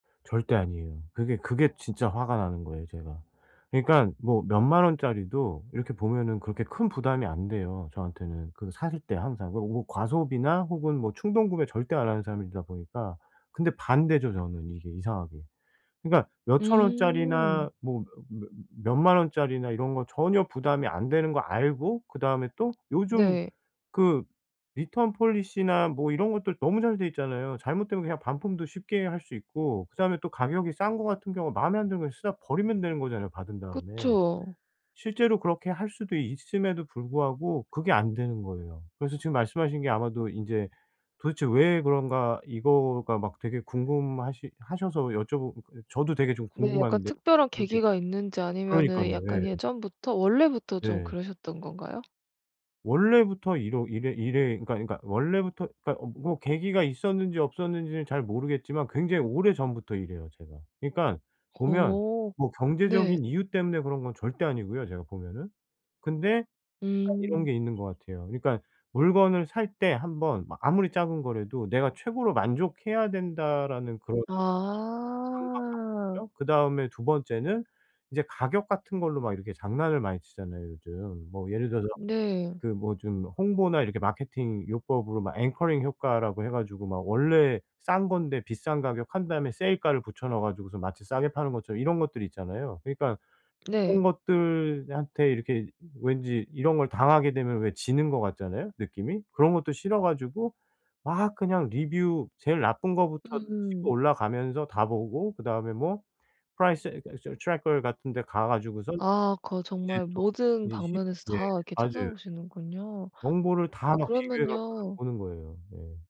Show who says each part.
Speaker 1: 절대 아니에요. 그게, 그게 진짜 화가 나는 거예요, 제가. 그러니깐 뭐 몇 만 원짜리도 이렇게 보면은 그렇게 큰 부담이 안 돼요, 저한테는. 그 사실 때 항상 그 오 과소비나 혹은 뭐 충동구매 절대 안 하는 사람이다 보니까. 근데 반대죠, 저는 이게 이상하게. 그러니까 몇천 원짜리나
Speaker 2: 음.
Speaker 1: 뭐 몇 몇 몇 만 원짜리나 이런 거는 전혀 부담이 안 되는 거 알고 그다음에 또 요즘
Speaker 2: 네.
Speaker 1: 그 return policy나 뭐 이런 것들 너무 잘 돼 있잖아요. 잘못되면 그냥 반품도 쉽게 할 수 있고 그다음에 또 가격이 싼 거 같은 경우 마음에 안 드는 거 쓰다 버리면 되는 거잖아요, 받은 다음에.
Speaker 2: 그쵸.
Speaker 1: 실제로 그렇게 할 수도 있음에도 불구하고 그게 안 되는 거예요. 그래서 지금 말씀하신 게 아마도 인제 '도대체 왜 그런가.' 이거가 막 되게 궁금하시 하셔서 여쭤보고 저도 되게 좀
Speaker 2: 네 약간
Speaker 1: 궁금한데
Speaker 2: 특별한
Speaker 1: 이렇게
Speaker 2: 계기가 있는지 아니면은
Speaker 1: 그러니깐요.
Speaker 2: 약간
Speaker 1: 예.
Speaker 2: 예전부터 원래부터 좀
Speaker 1: 네.
Speaker 2: 그러셨던 건가요?
Speaker 1: 원래부터 이러 이래 이래 그러니까, 그러니까 원래부터 그러니까 어 뭐 계기가 있었는지 없었는지는 잘 모르겠지만 굉장히 오래전부터 이래요, 제가. 그러니깐 보면
Speaker 2: 어.
Speaker 1: 뭐 경제적인
Speaker 2: 네.
Speaker 1: 이유 때문에 그런 건 절대 아니고요, 제가 보면은. 근데 딱 이런
Speaker 2: 음.
Speaker 1: 게 있는 것 같아요. 그러니까 물건을 살 때 1 번 뭐 아무리 작은 거라도 '내가 최고로 만족해야 된다.'라는 그런
Speaker 2: 아.
Speaker 1: 강박관념? 그다음에 2 번째는 이제 가격 같은 걸로 막 이렇게 장난을 많이 치잖아요, 요즘. 뭐 예를 들어서
Speaker 2: 네.
Speaker 1: 그 뭐 좀 홍보나 이렇게 마케팅 요법으로 막 앵커링 효과라고 해 가지고 막 원래 싼 건데 비싼 가격 한 다음에 세일가를 붙여 넣어 가지고서 마치 싸게 파는 것처럼 이런 것들이 있잖아요. 그러니까는
Speaker 2: 네.
Speaker 1: 그런 것들한테 이렇게 왠지 이런 걸 당하게 되면 왜 지는 것 같잖아요, 느낌이? 그런 것도 싫어 가지고 막 그냥 리뷰 제일 나쁜 거부터 치고
Speaker 2: 음음.
Speaker 1: 올라가면서 다 보고 그다음에 뭐 price [unintelligible] traker 같은 데 가 가지고선
Speaker 2: 아 거
Speaker 1: 이제
Speaker 2: 정말 모든
Speaker 1: 쪼끔 이 십
Speaker 2: 방면에서
Speaker 1: 예.
Speaker 2: 다 이렇게
Speaker 1: 맞아요.
Speaker 2: 찾아보시는군요.
Speaker 1: 정보를 다
Speaker 2: 어
Speaker 1: 막 비교해 갖고선
Speaker 2: 그러면요.
Speaker 1: 보는 거예요. 네.